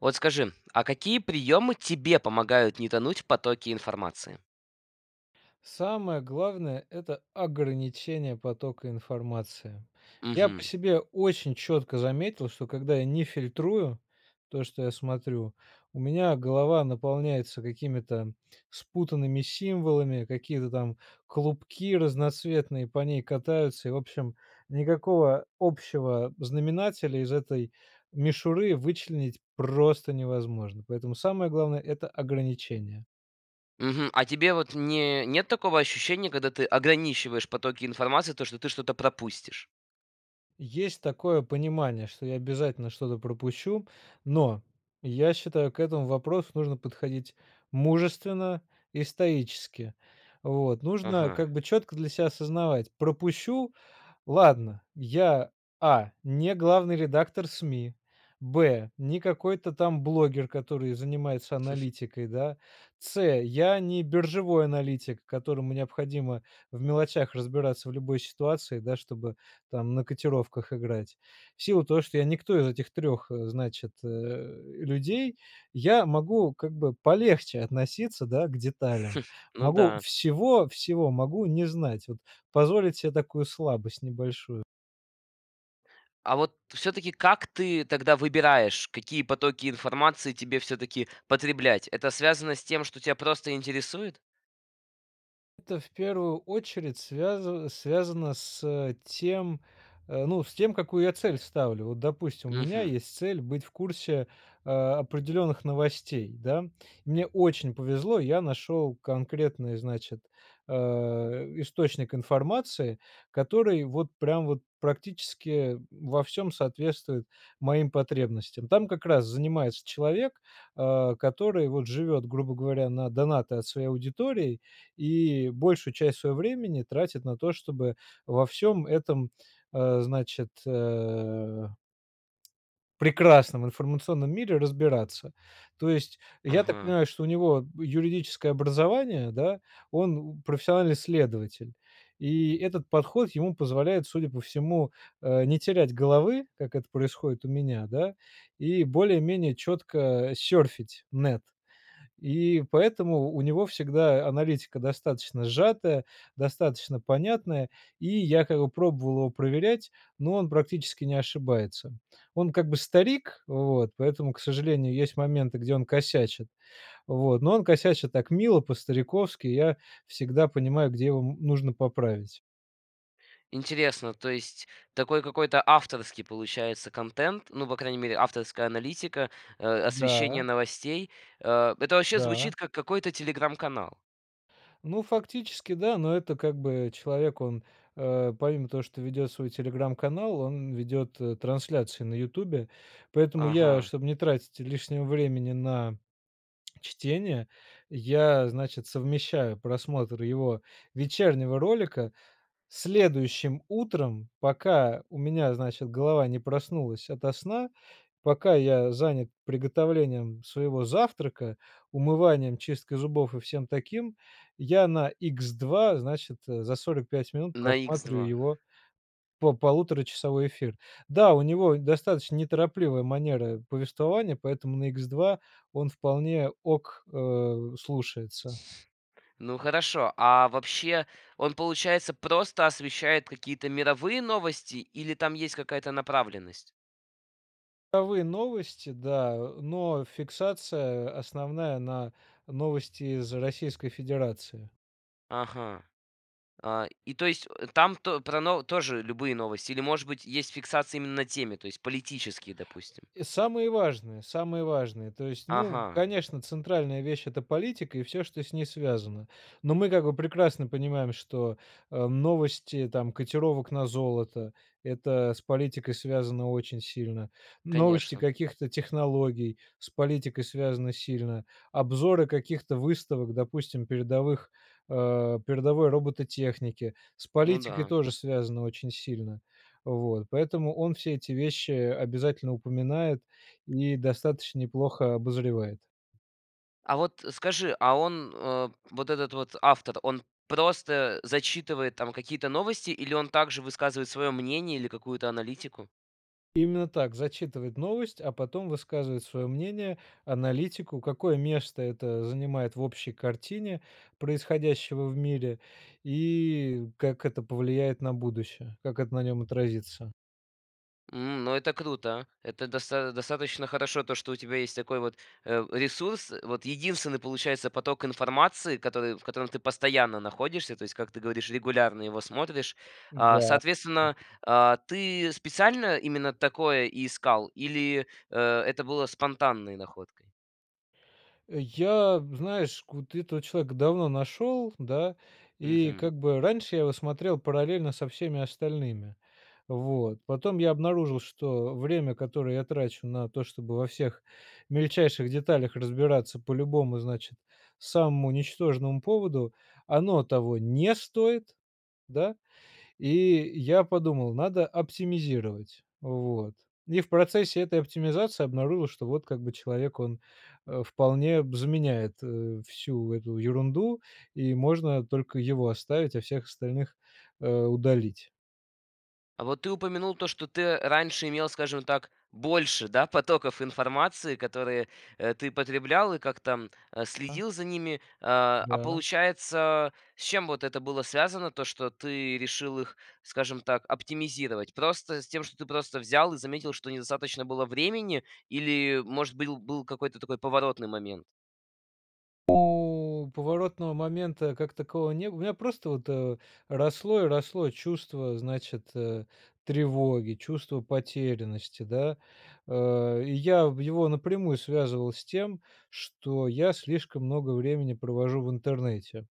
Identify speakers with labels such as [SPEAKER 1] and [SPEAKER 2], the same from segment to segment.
[SPEAKER 1] Вот скажи, а какие приемы тебе помогают не тонуть в потоки информации?
[SPEAKER 2] Самое главное- это ограничение потока информации. Я по
[SPEAKER 1] Мгм.
[SPEAKER 2] себе очень четко заметил, что когда я не фильтрую, то что я смотрю, у меня голова наполняется какими-то спутанными символами, какие-то там клубки разноцветные по ней катаются, и, в общем, никакого общего знаменателя из этой мишуры вычленить просто невозможно, поэтому самое главное- это ограничение.
[SPEAKER 1] Мгм. А тебе вот не нет такого ощущения, когда ты ограничиваешь потоки информации, то что ты что-то пропустишь?
[SPEAKER 2] Есть такое понимание, что я обязательно что-то пропущу, но, я считаю, к этому вопросу нужно подходить мужественно и стоически. Вот, нужно как
[SPEAKER 1] Ага.
[SPEAKER 2] бы четко для себя осознавать, пропущу- ладно. Я: а) не главный редактор СМИ, б) не какой-то там блогер, который занимается аналитикой, да, с) я не биржевой аналитик, которому необходимо в мелочах разбираться в любой ситуации, да, чтобы там на котировках играть. В силу того, что я никто из этих 3, значит, э, людей, я могу как бы полегче относиться, да, к деталям,
[SPEAKER 1] Ну
[SPEAKER 2] могу
[SPEAKER 1] да.
[SPEAKER 2] всего-всего могу не знать, вот позволить себе такую слабость небольшую.
[SPEAKER 1] А вот всё-таки как ты тогда выбираешь, какие потоки информации тебе всё-таки потреблять? Это связано с тем, что тя просто интересует?
[SPEAKER 2] Это в первую очередь связа связано с тем, ну, с тем какую я цель ставлю. Вот, допустим, у меня
[SPEAKER 1] Мгм.
[SPEAKER 2] есть цель быть в курсе, э, определенных новостей, да. Мне очень повезло, я нашел конкретный значит, э, источник информации, который вот прям вот практически во всём соответствует моим потребностям. Там как раз занимается человек, э, который вот живет, грубо говоря, на донаты от своей аудитории и большую часть своего времени тратит на то, чтобы во всем этом, э, значит, э прекрасном информационном мире разбираться. То есть я так
[SPEAKER 1] Ага.
[SPEAKER 2] понимаю, что у него юридическое образование, да, он, м, профессиональный следователь, и этот подход ему позволяет, судя по всему, э, не терять головы, как это происходит у меня, да, и более-менее четко серфить нэт и поэтому у него всегда аналитика достаточно сжатая, достаточно понятная и я как бы пробовал его проверять, но он практически не ошибается. Он как бы старик, вот поэтому, к сожалению, есть моменты где он косячит, вот, но он косячит так мило по-стариковски, я всегда понимаю где его м нужно поправить.
[SPEAKER 1] Интересно, то есть такой какой-то авторский получается контент, ну, по крайней мере авторская аналитика, э, освещение
[SPEAKER 2] Да.
[SPEAKER 1] новостей. Э, это вообще
[SPEAKER 2] Да.
[SPEAKER 1] звучит как какой-то "Телеграм"-канал.
[SPEAKER 2] Ну, фактически, да, но это как бы, человек он, э, помимо того, что ведет свой "Телеграм"-канал, он ведет трансляцию на "Ютубе", поэтому я
[SPEAKER 1] Ага.
[SPEAKER 2] чтобы не тратить лишнего времени на чтение, я, значит, совмещаю просмотр его вечернего ролика следующим утром, пока у меня, значит, голова не проснулась ото сна, пока я занят приготовлением своего завтрака, умыванием, чисткой зубов и всем таким, я на икс 2, значит, за 45 минут
[SPEAKER 1] На икс
[SPEAKER 2] просматриваю
[SPEAKER 1] 2.
[SPEAKER 2] его по полуторачасовой эфир. Да, у него достаточно неторопливая манера повествования, поэтому на икс 2 он вполне окей, э, слушается.
[SPEAKER 1] Ну хорошо, а вообще он получается просто освещает какие-то мировые новости или там есть какая-то направленность?
[SPEAKER 2] [unintelligible] Новости, да, э, но фиксация, основная на новости из Российской Федерации.
[SPEAKER 1] Ага. А, и то есть, э, там то про но тоже любые новости, или может быть есть фиксация именно темы, то есть политические, допустим?
[SPEAKER 2] И самые важные, самые важные, то есть, ну,
[SPEAKER 1] Ага.
[SPEAKER 2] конечно, центральная вещь- это политика и всё, что с ней связано. Но мы, как бы, прекрасно понимаем, что, э, новости там котировок на золото- это с политикой связано очень сильно, новости
[SPEAKER 1] Конечно.
[SPEAKER 2] каких-то технологий с политикой связаны сильно, обзоры каких-то выставок, допустим передовых, э, передовой робототехники, с
[SPEAKER 1] Ну
[SPEAKER 2] политикой
[SPEAKER 1] да.
[SPEAKER 2] тоже связано очень сильно. Вот, поэтому он все эти вещи обязательно упоминает и достаточно неплохо обозревает.
[SPEAKER 1] А вот скажи, а он, э, вот этот вот автор, он просто, э, зачитывает, там, какие-то новости, или он также высказывает свое мнение или какую-то аналитику?
[SPEAKER 2] Именно так: зачитывает новость, а потом высказывает свое мнение, аналитику, какое место это занимает в общей картине происходящего в мире, и как это повлияет на будущее, как это на нем отразится.
[SPEAKER 1] Н ну это круто. Это доста достаточно хорошо, то, что у тебя есть такой вот, э, ресурс. Вот единственный получается поток информации, который в котором ты постоянно находишься, то есть как ты говоришь регулярно, его смотришь. А,
[SPEAKER 2] Да.
[SPEAKER 1] соответственно, а, ты специально именно такое и искал, или, э, это было спонтанной находкой?
[SPEAKER 2] Я знаешь, вот этого человека давно нашел, да, и
[SPEAKER 1] Мгм.
[SPEAKER 2] как бы раньше я его смотрел параллельно со всеми остальными, вот. Потом я обнаружил, что время которое я трачу на то, чтобы во всех мельчайших деталях разбираться по любому, значит, самому ничтожному поводу, оно того не стоит, да, и я подумал: "Hадо оптимизировать". Вот. И в процессе этой оптимизации обнаружил, что вот как бы человек он, а, вполне б заменяет, э, всю эту ерунду и можно только его оставить, а, всех остальных, э, удалить.
[SPEAKER 1] А вот ты упомянул то, что ты раньше имел, скажем так, больше, да, потоков информации, которые, э, ты потреблял и как-то, а,
[SPEAKER 2] Да.
[SPEAKER 1] следил за ними, а, а
[SPEAKER 2] Да.
[SPEAKER 1] получается, с чем вот это было связано то, что ты решил их, скажем так, оптимизировать? Просто с тем, что ты просто взял и заметил, что недостаточно было времени, или, может быть, был какой-то такой поворотный момент?
[SPEAKER 2] О, поворотного момента как такового не бы У меня просто вот росло и росло чувство значит, э, тревоги, чувство потерянности, да. Э, и я в его напрямую связывал с тем, что я слишком много времени провожу в интернете.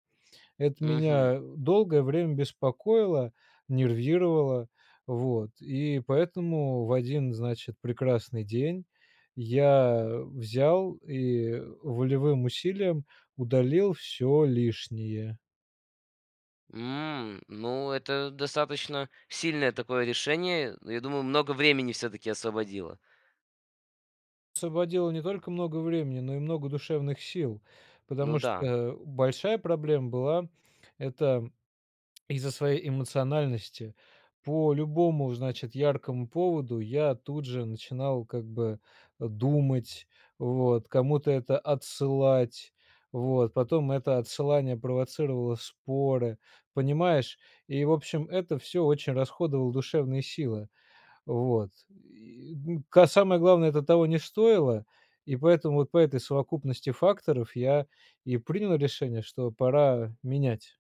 [SPEAKER 2] Это
[SPEAKER 1] Мгм.
[SPEAKER 2] меня долгое время беспокоило, нервировало, вот и поэтому в один значит прекрасный день я взял и волевым усилием удалил всё лишнее.
[SPEAKER 1] М, ну это достаточно сильное такое решение, я думаю, много времени всё-таки освободило.
[SPEAKER 2] Освободил не только много времени, но и много душевных сил.
[SPEAKER 1] Ну
[SPEAKER 2] Потому
[SPEAKER 1] да.
[SPEAKER 2] что большая проблема была это из-за своей эмоциональности по любому, значит, яркому поводу я тут же начинал как бы думать, вот, кому-то это отсылать, вот, потом это отсылание провоцировало споры, понимаешь, и в общем это всё очень расходовала душевные силы, вот. И ка самое главное это того не стоило, и поэтому вот по этой совокупности факторов я и принял решение, что пора менять.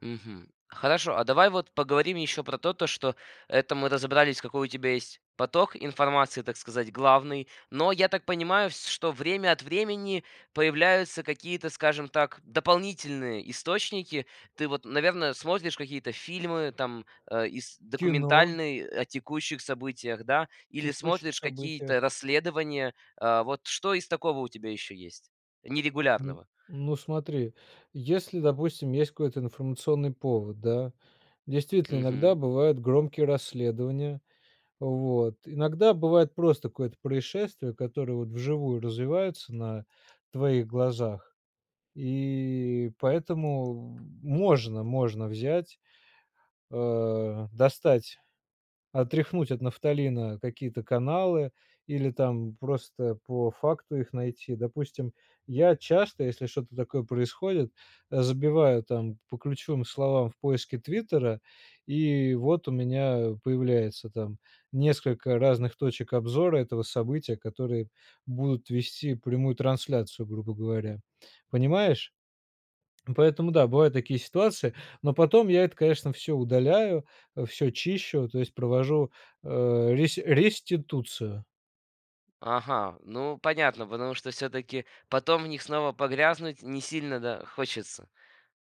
[SPEAKER 1] Мгм. Хорошо, а давай вот поговорим еще про то, что это мы разобрались какой у тебя есть поток информации, так сказать, главный, Но, я так понимаю, вс что время от времени появляются какие-то, скажем так, дополнительные источники. Ты вот, наверное, смотришь какие-то фильмы, там, а, ис
[SPEAKER 2] Кино.
[SPEAKER 1] документальные, о текущих событиях, да? Или
[SPEAKER 2] Текущих
[SPEAKER 1] смотришь какие-то
[SPEAKER 2] событиях.
[SPEAKER 1] расследования. Э, вот что из такого у тебя еще есть?
[SPEAKER 2] Н,
[SPEAKER 1] Нерегулярного.
[SPEAKER 2] ну смотри, если допустим есть какой-то информационный повод, да. Действительно
[SPEAKER 1] Мгм.
[SPEAKER 2] иногда бывают громкие расследования, вот, иногда бывает просто какое-то происшествие, которое вот вживую развиваются на твоих глазах и поэтому можно, можно взять, э, достать, отряхнуть от нафталина какие-то каналы или там просто по факту их найти. Допустим я часто, если что-то такое происходит, забиваю там по ключевым словам в поиске "Твиттера" и вот у меня появляется, там, несколько разных точек обзора этого события, которые будут вести прямую трансляцию, грубо говоря. Понимаешь? Поэтому да, бывают такие ситуации, но потом я это конечно всё удаляю, всё чищу, то есть провожу, э, рес реституцию.
[SPEAKER 1] Ага, ну понятно, потому что всё-таки потом в них снова погрязнуть не сильно, да, хочется.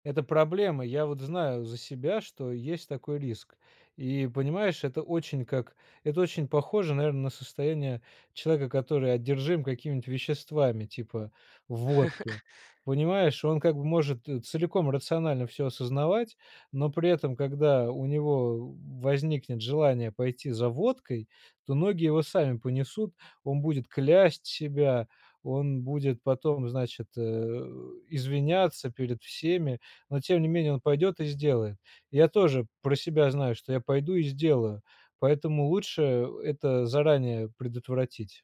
[SPEAKER 2] Это проблема. Я вот знаю за себя, что есть такой риск и понимаешь это очень как это очень похоже наверно на состояние человека, который одержим какими веществами типа водки, понимаешь. Он как бы может целиком рационально всё осознавать, но при этом когда у него возникнет желание пойти за водкой, то ноги его сами понесут, он будет клясть себя, он будет потом значит, э, извиняться перед всеми, но тем не менее он пойдет и сделает. Я тоже про себя знаю, что я пойду и сделаю, поэтому лучше это заранее предотвратить.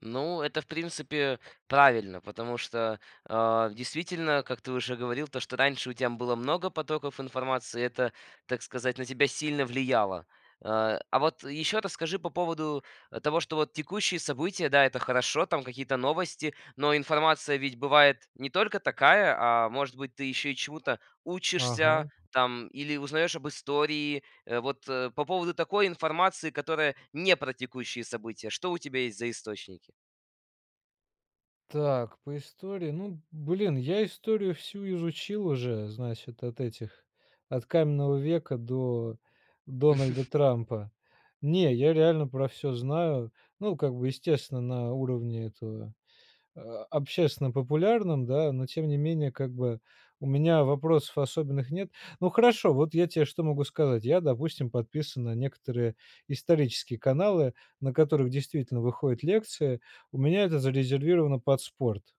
[SPEAKER 1] Ну, это, в принципе, правильно. Потому что, э, действительно, как ты уже говорил, то что раньше у тебя было много потоков информации, это, так сказать, на тебя сильно влияло. Э, а вот еще расскажи по поводу, того, что вот текущие события да, это хорошо, там какие-то новости, но информация ведь бывает не только такая, а может быть ты еще и чему-то учишься,
[SPEAKER 2] Ага.
[SPEAKER 1] там, или узнаешь об истории, вот по поводу такой информации, которая не про текущие события. Что у тебя есть за источники?
[SPEAKER 2] Так, по истории, ну блин, я историю всю изучил уже, значит, от этих от каменного века до Дональда Трампа, не я реально про всё знаю, ну как бы естественно на уровне этого, а, общественно популярном, да, но тем не менее как бы у меня вопросов особенных нет. Ну хорошо, вот я тебе что могу сказать. Я допустим подписан на некоторые исторические каналы, на которых действительно выходят лекции, у меня это зарезервировано под спорт.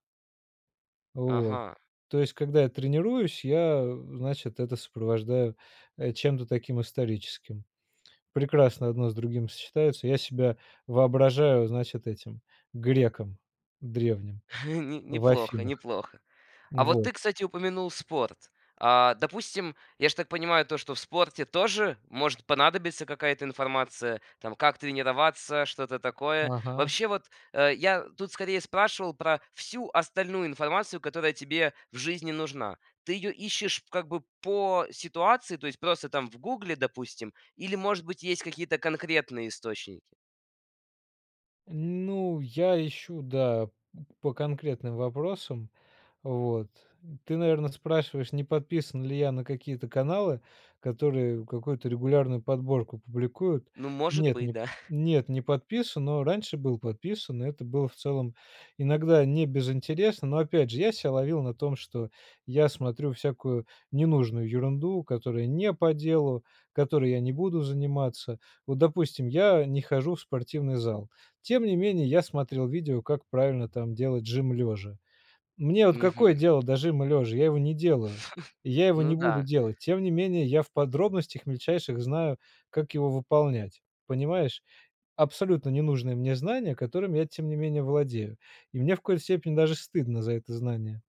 [SPEAKER 2] Вот.
[SPEAKER 1] Ага.
[SPEAKER 2] То есть когда я тренируюсь я, э, значит это сопровождаю, э, чем-то таким историческим. Прекрасно одно с другим сочетаются. Я себя воображаю, значит, этим греком древним
[SPEAKER 1] Не
[SPEAKER 2] в
[SPEAKER 1] неплохо,
[SPEAKER 2] Афинах.
[SPEAKER 1] неплохо. А вот
[SPEAKER 2] Вот.
[SPEAKER 1] ты, кстати, упомянул спорт. А, допустим, я ж так понимаю то, что в спорте тоже может понадобиться какая-то информация, там как тренироваться, что-то такое.
[SPEAKER 2] Ага.
[SPEAKER 1] Вообще вот, э, я тут, скорее, спрашивал про всю остальную информацию, которая тебе в жизни нужна. Ты её ищешь, как бы, по ситуации, то есть просто, там, в "Гугле", допустим, или, может быть, есть какие-то конкретные источники?
[SPEAKER 2] Ну, я ищу, да, по конкретным вопросам, вот. Ты наверное спрашиваешь не подписан ли я на какие-то каналы, которые какую-то регулярную подборку публикуют.
[SPEAKER 1] Ну, может
[SPEAKER 2] Нет,
[SPEAKER 1] быть,
[SPEAKER 2] не п
[SPEAKER 1] да.
[SPEAKER 2] нет не подписан, но раньше был подписан и это было в целом иногда не без интереса. Но опять же я себя ловил на том, что я смотрю всякую ненужную ерунду, которая не по делу, которой я не буду заниматься. Вот, допустим, я не хожу в спортивный зал, тем не менее я смотрел видео как правильно там делать жим лежа. Мне вот какое
[SPEAKER 1] Мгм.
[SPEAKER 2] дело до жима лежа? Я его не делаю и я его
[SPEAKER 1] Ну
[SPEAKER 2] не буду
[SPEAKER 1] да.
[SPEAKER 2] делать, тем не менее я в подробностях мельчайших знаю как его выполнять. Понимаешь? Абсолютно не нужные мне знания, которыми я тем не менее владею, и мне в коей степени даже стыдно за это знание.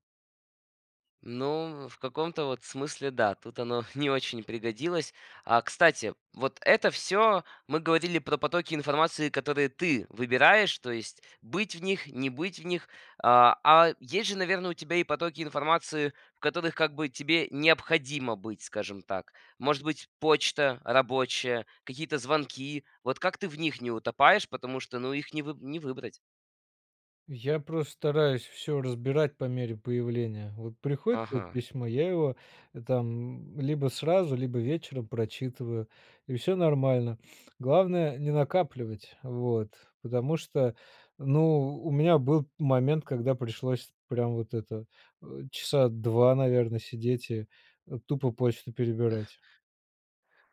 [SPEAKER 1] Ну, в каком-то вот смысле, да, тут оно не очень пригодилось. А, кстати, вот это всё мы говорили про потоки информации, которые ты выбираешь, то есть быть в них, не быть в них. А, а есть же, наверное, у тебя и потоки информации, в которых как бы тебе необходимо быть, скажем так. Может быть, почта рабочая, какие-то звонки. Вот как ты в них не утопаешь, потому что, ну их не вы не выбрать?
[SPEAKER 2] Я просто стараюсь всё разбирать по мере появления. Вот приходит как
[SPEAKER 1] Ага.
[SPEAKER 2] письмо, я его там, м, либо сразу, либо вечером прочитываю и всё нормально. Главное не накапливать, вот, потому что, ну у меня был момент, когда пришлось прям вот это, э, часа два наверно сидеть и, э, тупо почту перебирать.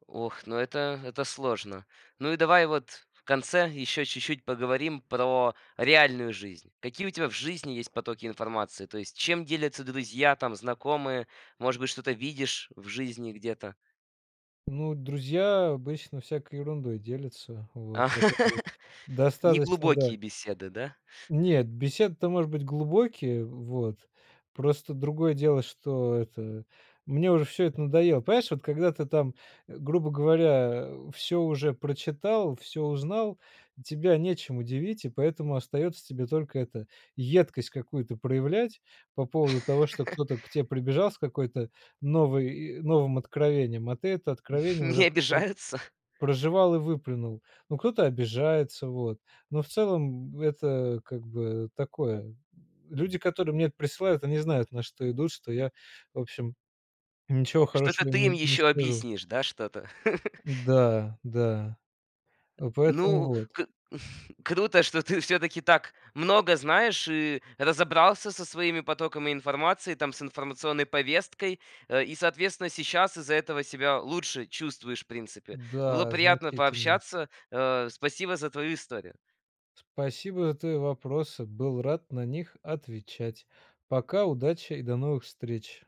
[SPEAKER 1] Ох, ну это это сложно. Ну и давай вот в конце еще чуть-чуть поговорим про реальную жизнь. Какие у тебя в жизни есть потоки информации? То есть чем делятся друзья там, знакомые? Может быть что-то видишь в жизни где-то?
[SPEAKER 2] Ну друзья обычно всякой ерундой делятся вот.
[SPEAKER 1] А!
[SPEAKER 2] Этот вот Достаточно, да.
[SPEAKER 1] Неглубокие беседы, да?
[SPEAKER 2] Нет, беседы-то может быть глубокие, вот, просто другое дело, что это мне уже всё это надоело. Понимаешь, вот когда ты там, грубо говоря, э, всё уже прочитал, всё узнал, тебя нечем удивить, и поэтому остается тебе только это, едкость какую-то проявлять по поводу того, что кто-то к те прибежал с какой-то новой и новым откровением, а ты это откровение уже
[SPEAKER 1] Не
[SPEAKER 2] пр
[SPEAKER 1] обижаются?
[SPEAKER 2] прожевал и выплюнул. Ну кто-то обижается вот, но в целом это как бы такое. Люди которые мне присылают они знают на что идут, что я в общем ничего
[SPEAKER 1] Что-то
[SPEAKER 2] хорошего им
[SPEAKER 1] ты им
[SPEAKER 2] не не
[SPEAKER 1] ещё
[SPEAKER 2] скажу.
[SPEAKER 1] объяснишь, да, что-то?
[SPEAKER 2] Да, да. Ну поэтому
[SPEAKER 1] Ну,
[SPEAKER 2] вот.
[SPEAKER 1] к круто, что ты всё-таки так много знаешь и разобрался со своими потоками информации, там, с информационной повесткой э, и, соответственно, сейчас из-за этого себя лучше чувствуешь, в принципе. Было
[SPEAKER 2] Да
[SPEAKER 1] приятно
[SPEAKER 2] значительно.
[SPEAKER 1] пообщаться, а, спасибо за твою историю!
[SPEAKER 2] Спасибо твои вопросы! Был рад на них отвечать! Пока, удачи и до новых встреч!